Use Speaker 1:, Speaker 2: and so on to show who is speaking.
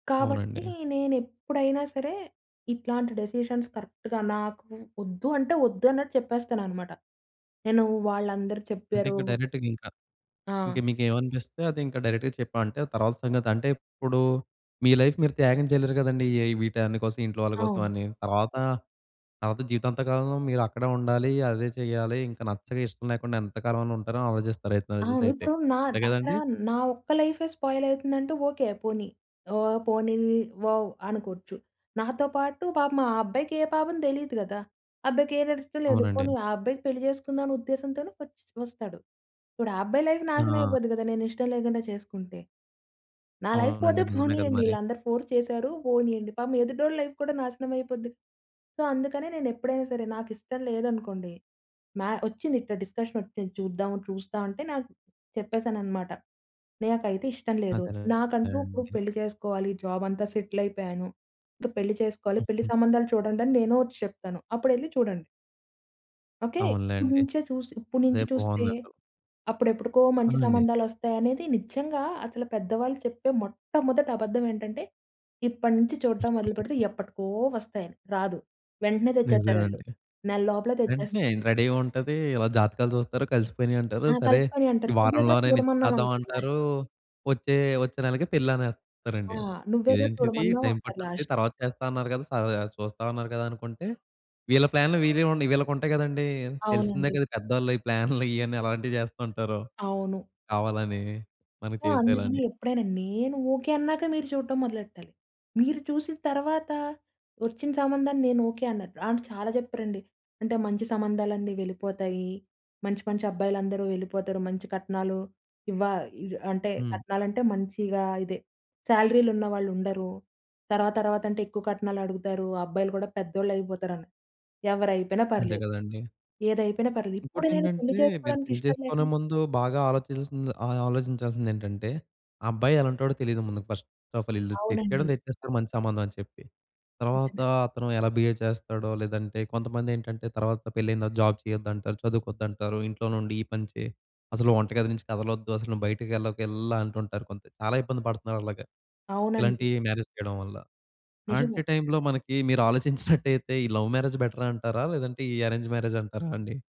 Speaker 1: కాబట్టి,
Speaker 2: అవునండి.
Speaker 1: నేనేప్పుడైనా సరే ఇట్లాంటి డెసిషన్స్ కరెక్ట్‌గా నాకు వొద్దు అంటే, వొద్దు అన్నట్టు చెప్పేస్తానన్నమాట. నేను వాళ్ళందరు
Speaker 2: అంటే
Speaker 1: చెప్పారు
Speaker 2: ఇంకా డైరెక్ట్‌గింకా. ఇంకా
Speaker 1: ఆ!
Speaker 2: మీకేమనిపిస్తే అదింకా డైరెక్ట్‌గా చెప్పామంటే తర్వాత సంగతంటే, ఇప్పుడు మీ లైఫ్ మీరు త్యాగం చేయలేరు గదండీ! ఏ వీటన్ని కోసం, ఇంట్లో వాళ్ళ
Speaker 1: అవును.
Speaker 2: కోసమని తర్వాత, తర్వాత జీవితాంత కాలంలో మీరక్కడే ఉండాలి, అదే చేయాలి ఇంకా నచ్చక ఇష్టం లేకుండా ఎంత కాలమని ఉంటారో ఆలోచిస్తారయితే,
Speaker 1: అవును.
Speaker 2: నాకుదెలి‌సై‌తే
Speaker 1: ఇప్పుడు నా
Speaker 2: అంతే
Speaker 1: అక్కడా
Speaker 2: గదండీ!
Speaker 1: నా ఒక్క లైఫే స్పాయిల్ అవుతుందంటే ఓకే పోనీ. ఓహ్! పోనీ వోవ్ అనుకోచ్చు. నాతో పాటు పాపం ఆ అబ్బాయికే పాపం దేలీదు గదా! ఆ అబ్బాయికేనాడిస్టంలేదు
Speaker 2: అవునండి.
Speaker 1: పోనీ ఆ అబ్బాయికి పెళ్లి చేసుకుందాం అనే ఉద్దేశంతోనే వచ్చి వస్తాడు. ఇప్పుడు ఆ అబ్బాయి లైఫ్
Speaker 2: ఆ!
Speaker 1: నాశనమయిపోద్ది కదా! నేనిష్టం లేకుండా చేసుకుంటే? నా లైఫ్ పోతే
Speaker 2: అవునండి. నిజమే కదా!
Speaker 1: పోనీయండి.
Speaker 2: మరి.
Speaker 1: వీళ్ళందరూ ఫోర్స్ చేశారు పోనీయండి. పాపం ఎదుటోళ్ళ లైఫ్ కూడా నాశనం అయిపోద్ది. సో అందుకనే నేనేప్పుడైనా సరే నాకిష్టం లేదనుకోండి మ్యా వచ్చింది ఇట్టా డిస్కషన్ ఒచ్చింది చూద్దాం చూస్తా అంటే నాకు చెప్పేసానన్నమాట. నాకైతే ఇష్టం లేదు నాకంటూ ఇప్పుడు
Speaker 2: అదేలేండి.
Speaker 1: పెళ్లి చేసుకోవాలి జాబ్ అంతా సెటిల్ అయిపోయాను. ఇంకా పెళ్లి చేసుకోవాలి పెళ్లి
Speaker 2: హుహు.
Speaker 1: సంబంధాలు చూడండి అని నేనే వచ్చి చెప్తాను అప్పుడేళ్లి చూడండి. ఓకే. ఇప్పుడు
Speaker 2: అవునులెండి.
Speaker 1: నించే చూసి ఇప్పడు
Speaker 2: అదే
Speaker 1: నుంచే చూస్తే,
Speaker 2: బావుందసలు.
Speaker 1: అప్పుడెప్పుడుకో
Speaker 2: ఆ!
Speaker 1: మంచి
Speaker 2: అండి.
Speaker 1: సంబంధాలొస్తాయనేది నిజంగా అసలు పెద్దవాళ్ళు చెప్పే మొట్టమొదటి అబద్ధమేంటంటే ఇప్పటి నుంచి చూడడం మొదలు పెడితే ఎప్పటికో వస్తాయని. రాదు వెంటనే
Speaker 2: నిజమే
Speaker 1: తెచ్చేతారాళ్ళు.
Speaker 2: అండి.
Speaker 1: నెల లోపలే
Speaker 2: వెంటనే
Speaker 1: తెచ్చేస్తారు.
Speaker 2: రెడీగుంటది ఇలా జాతకాలు జూస్తారు, కలిసిపోయినియంటారు
Speaker 1: ఆ!
Speaker 2: సరే ఈ
Speaker 1: కలిసిపోయాయంటారు. నువ్వే‌గా
Speaker 2: వారంలోనే
Speaker 1: చూడమన్నావంటారు లాస్ట్.
Speaker 2: నిచ్చి‌తర్దమంటారు వచ్చే వచ్చే నెలకి పెళ్ళి
Speaker 1: ఆ!
Speaker 2: అనేస్తారండి.
Speaker 1: నువ్వేగా
Speaker 2: ఇదేంటిది
Speaker 1: చూడమన్నావు
Speaker 2: టైం
Speaker 1: అంటారు
Speaker 2: పట్టానికి
Speaker 1: లాస్ట్.
Speaker 2: తర్వాత చేస్తా అన్నారు గదా! స ద చూస్తా అన్నారు గదా అనుకుంటే, వీళ్ళ ప్లాన్లు వీరివండి వీళ్ళకుంటాయి గదండీ! తెలిసిందే
Speaker 1: అవునండి.
Speaker 2: కదా! పెదోళ్ళు ఈ ప్లాన్లు ఇయన్నీ ఎలాంటివి జేస్తూ ఉంటారో.
Speaker 1: అవును.
Speaker 2: కావాలని మనకి
Speaker 1: సో, అందుకని
Speaker 2: చేసేయాలని.
Speaker 1: ఎప్పుడైనా నేను ఓకే. అన్నాక మీరు చూడటం మొదలెట్టాలి. మీరు చూసిన తర్వాత ఒచ్చిన సంబంధాన్ని నేను ఓకే అనరు. అంటే చాలా చెప్పారండి. అంటే మంచి సంబంధాలన్నీ వెళ్ళిపోతాయి. మంచి, మంచి అబ్బాయిలందరూ వెళ్ళిపోతారు. మంచి కట్నాలు ఇవ్వా ఇ అంటే
Speaker 2: హ్మ్.
Speaker 1: కట్నాలంటే మంచిగా ఇదే సాలరీలు ఉన్నవాళ్ళువుండరు. తర్వాత, తర్వాత అంటే ఎక్కువ కట్నాలడుగుతారు అబ్బాయిలు కూడా పెద్దోళ్ళు అయిపోతారని. ఎవరైపోయినా
Speaker 2: అంతే
Speaker 1: పర్లేదు.
Speaker 2: కదండీ.
Speaker 1: ఏదైపోయినా పర్లేదు. ఇప్పుడు నేను పెళ్లి
Speaker 2: ఇంకోటేంటంటే మీరు
Speaker 1: చేసుకోడానికి
Speaker 2: పెళ్లి
Speaker 1: ఇష్టం
Speaker 2: చేసుకునే
Speaker 1: లేకనే
Speaker 2: ముందు బాగా ఆలోచించాల్సిది ఆహ్, ఆలోచించాల్సిందేటంటే ఆ అబ్బాయి ఎలాంటాడో తెలియదు ముందుకు ఫస్ట్ ఆఫ్ ఆల్ ఈళ్ళు తెచ్చేయడం
Speaker 1: అవునండి.
Speaker 2: తెచ్చేస్తారు మంచి సంబంధం అని చెప్పి. తరువాత
Speaker 1: నిజమే.
Speaker 2: అతను ఎలా బిహేవ్ చేస్తాడో లేదంటే కొంతమందెంటంటే తరువాత పెళ్లైన తర్వాత జాబ్ చేయొద్దంటారు, చదువుకోవద్దంటారు, ఇంట్లోనుండి ఈ పని చెయి. అసలు వంట గది నుంచి కదలొద్దు అసలు నువ్వు బయటికేళ్ళకిలలా అంటుంటారు కొంత చాలా ఇబ్బంది పడుతున్నారు అలాగా.
Speaker 1: అవునండి.
Speaker 2: ఇలాంటి మ్యారేజ్ చేయడం వల్ల. అలాంటి
Speaker 1: నిజమే.
Speaker 2: టైమ్‌లో మనకి మీరాలోచించినట్టయితే ఈ లవ్ మ్యారేజ్ బెటరంటారా? లేదంటే ఈ అరేంజ్ మ్యారేజంటారా అండి?